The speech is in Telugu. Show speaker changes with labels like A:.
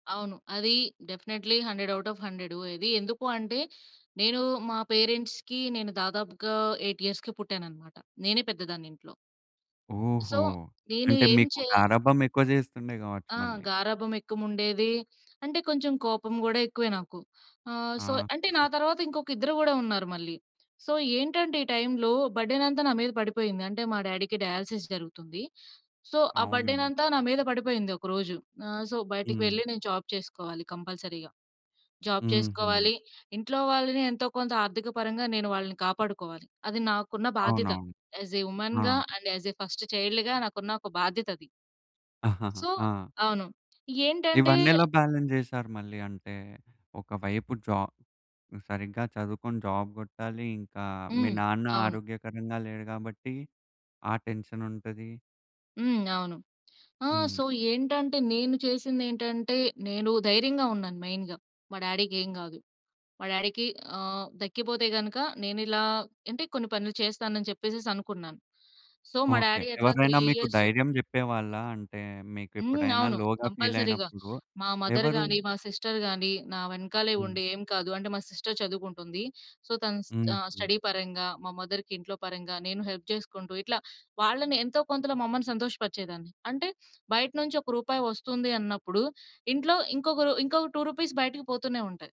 A: అవును. అది డెఫినైట్‌లీ 100 అవుట్ ఆఫ్ 100. ఇది ఎందుకూ అంటే? నేను మా పేరెంట్స్‌కి నేను దాదాపుగా 8 ఇయర్స్‌కి పుట్టాననమాట. నేనే పెద్దదాన్ని ఇంట్లో. సో
B: ఓహో!
A: నేను
B: అంటే
A: ఎం
B: మీకు
A: చేయ
B: గారాబం ఎక్కువ జేస్తుండే గావచ్చు
A: ఆ!
B: మళ్ళీ.
A: గారాబం ఎక్కువుండేది. అంటే కొంచెం కోపం గూడా ఎక్కువే నాకు. ఆహ్, సో అంటే నా
B: ఆహా!
A: తర్వాత ఇంకొకిద్దరు గూడా ఉన్నారు మళ్ళీ. సో ఏంటంటే ఈ టైంలో బర్డెనంతా నా మీద పడిపోయింది. అంటే మా డ్యాడీకి డయాలిసిస్ జరుగుతుంది. సో ఆ
B: అవునన్నా.
A: బర్డెనంతా నా మీద పడిపోయింది ఒక రోజు. ఆహ్, సో బయటికి
B: హ్మ్.
A: వెళ్లి నేను జాబ్ చేసుకోవాలి కంపల్సరీగా. జాబ్
B: హుహు.
A: చేసుకోవాలి ఇంట్లో వాళ్ళని ఎంతో కొంత ఆర్థిక పరంగా నేను వాళ్ళని కాపాడుకోవాలి. అది నాకున్న బాధ్యత
B: అవునవును.
A: యాస్‌ ఎ
B: ఆ!
A: ఉమెన్‌గా అండ్ యాస్‌ ఎ ఫస్ట్ చైల్డ్‌గా నాకున్న ఒక బాధ్యతది. సో
B: ఆ!
A: అవును. ఏంటంటే
B: ఇవన్నీ ఎలా బాలన్స్ చేసారు? మళ్ళీ అంటే ఒక వైపు జాబ్ సరిగ్గా చదువుకొని జాబ్ గొట్టాలి. ఇంకా మీ
A: హ్మ్.
B: నాన్న
A: అవును.
B: ఆరోగ్యకరంగా లేరు గాబట్టి ఆ టెన్షనుంటది.
A: హ్మ్. అవును. ఆ!
B: హ్మ్.
A: సో ఏంటంటే నేను చేసిందేంటంటే నేను ధైర్యంగా ఉన్నాను మెయిన్‌గా. మా డ్యాడీ‌కేం గాదు. మా డ్యాడీకి ఆహ్, తగ్గిపోతే గనుక నేను ఇలా అంటే కొన్ని పనులు చేస్తానని చెప్పేసేసి అనుకున్నాను. సో మా
B: ఓకే.
A: డ్యాడీ అట్లా 3
B: ఎవరినైనా మీకు
A: ఇయర్సు
B: ధైర్యం జెప్పేవాళ్ళా? అంటే
A: హ్మ్.
B: మీకెప్పుడైనా
A: అవును.
B: లోగా
A: కంపల్సరీ‌గా
B: ఫీలయినప్పుడు.
A: మా
B: ఎవరు?
A: మదర్‌గాని, మా సిస్టర్‌‌గాని, నా వెనకాలే
B: హ్మ్.
A: ఉండి ఏం కాదు అంటే మా సిస్టర్ చదువుకుంటుంది. సో తను ఆహ్,
B: హుహు.
A: స్టడీ పరంగా మా మదర్‌కి ఇంట్లో పరంగా నేను హెల్ప్ చేసుకుంటూ ఇట్లా వాళ్ళని ఎంతో కొంతలో మా అమ్మని సంతోషపరిచేదాన్ని. అంటే బయట నుంచి ఒక రూపాయి వస్తుంది అన్నప్పుడు ఇంట్లో ఇంకొక ఇంకొక రూ. రూ. 2 బయటికి పోతూనే ఉంటాయి.